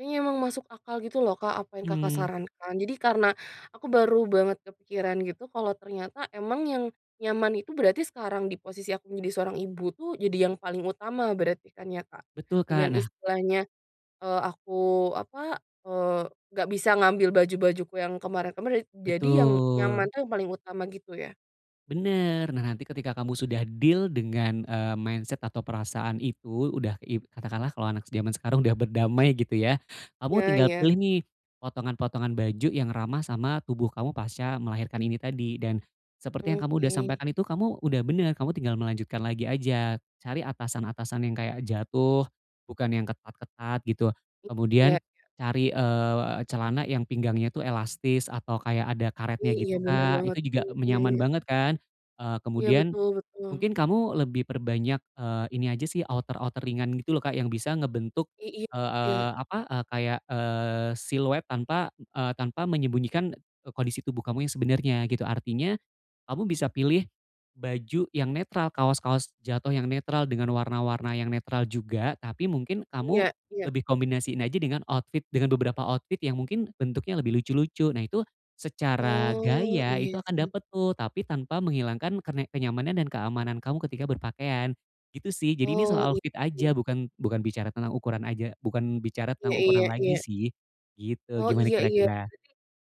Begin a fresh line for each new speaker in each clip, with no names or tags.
Iya emang masuk akal gitu loh Kak apa yang Kakak
Mmm.
sarankan jadi karena, aku baru banget kepikiran gitu kalau ternyata emang yang nyaman itu berarti sekarang di posisi aku menjadi seorang ibu tuh jadi yang paling utama berarti kan ya Kak.
Betul Kak
Dengan
nah
istilahnya, eee, aku apa, eee, nggak bisa ngambil baju-bajuku yang kemarin-kemarin jadi yang yang
Betul.
mana yang paling utama gitu ya.
Bener nah nanti ketika kamu sudah deal dengan, eee, mindset atau perasaan itu udah ib katakanlah kalau anak zaman sekarang udah berdamai gitu ya, kamu
Iya
tinggal
iya.
pilih nih, potongan-potongan baju yang ramah sama tubuh kamu pasca melahirkan ini tadi dan, seperti yang kamu udah
Oke.
sampaikan itu kamu udah bener, kamu tinggal melanjutkan lagi aja. Cari atasan-atasan yang kayak jatuh, bukan yang ketat-ketat gitu.
I
Kemudian,
iya iya.
cari, eee, celana yang pinggangnya itu elastis atau kayak ada karetnya
Iya
gitu
benar
Kak
banget,
itu juga me nyaman
mhm.
banget kan, eee,
Iya
kemudian,
betul betul.
mungkin kamu lebih perbanyak, eee, ini aja sih outer-outer ringan gitu loh Kak yang bisa ngebentuk,
I iya
eee
kayak.
eee, apa, eee, kayak, eee, siluet tanpa, eee, tanpa menyembunyikan e kondisi tubuh kamu yang sebenernya gitu artinya, kamu bisa pilih, baju yang netral kaos-kaos jatuh yang netral dengan warna-warna yang netral juga tapi mungkin kamu,
Iya iya.
lebih kombinasiin aja dengan outfit dengan beberapa outfit yang mungkin bentuknya lebih lucu-lucu nah itu, secara
Oh
gaya itu
iya
akan
sih.
dapet tuh tapi tanpa menghilangkan kenek kenyamanan dan keamanan kamu ketika berpakaian, gitu sih jadi ini
Oh
soal
iya
outfit
sih.
aja bukan bukan bicara tentang ukuran aja bukan bicara
Iya
tentang ukuran
iya
lagi
iya.
sih, gitu
Oh
gimana
iya iya
kira-kira?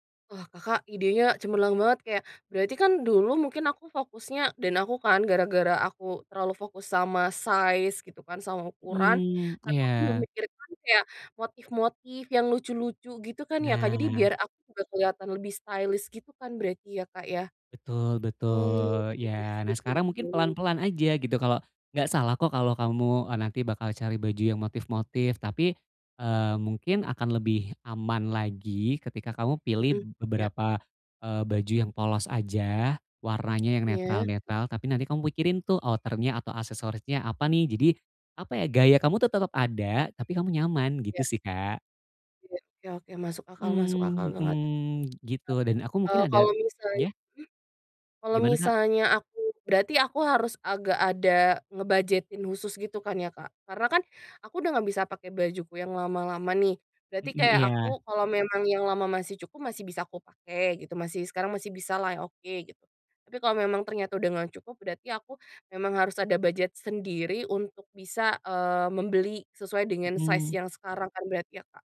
berarti, wah Kakak idenya cemerlang banget kayak berarti kan dulu mungkin aku fokusnya dan aku kan gara-gara aku terlalu fokus sama size gitu kan, sama ukuran,
Mhm,
tapi aku gak
iya.
memikirkan kayak motif-motif yang lucu-lucu gitu kan ya Kak, jadi
Nah.
biar aku enggak keliatan lebih stylish gitu kan berarti ya Kak ya.
Betul
Mmm,
betul
iya
iya nah
sih Kak.
sekarang mungkin
[unintelligible]
pelan-pelan aja gitu kalau gak salah kok kalau kamu oh nanti bakal cari baju yang motif-motif tapi, eee, mungkin akan lebih aman lagi ketika kamu pilih
Mhm, iya.
beberapa, eee, baju yang polos aja warnanya yang
Iya.
netral-netral tapi nanti kamu pikirin tuh outer-nya atau aksesorisnya apa nih jadi, apa ya gaya kamu tuh tetep ada, tapi kamu nyaman gitu
Iya.
sih, Kak.
Iya iya oke masuk akal masuk akal
Mmm,
banget.
mhm, gitu dan aku mungkin
Eee,
ada
kalo misalnya
iya?
mmm? Kalau
Gimana Kak?
misalnya aku berarti aku harus agak ada ngebudgetin khusus gitu kan ya Kak? Karena kan, aku udah gak bisa pake bajuku yang lama-lama nih. Berarti
Mhm,
kayak
iya.
aku kalau memang yang lama masih cukup masih bisa aku pake gitu masih sekarang masih bisa lah oke gitu. Tapi kalau memang ternyata udah nggak cukup, berarti aku memang harus ada budget sendiri untuk bisa, eee, membeli sesuai dengan size
Mhm.
yang sekarang kan berarti ya Kak?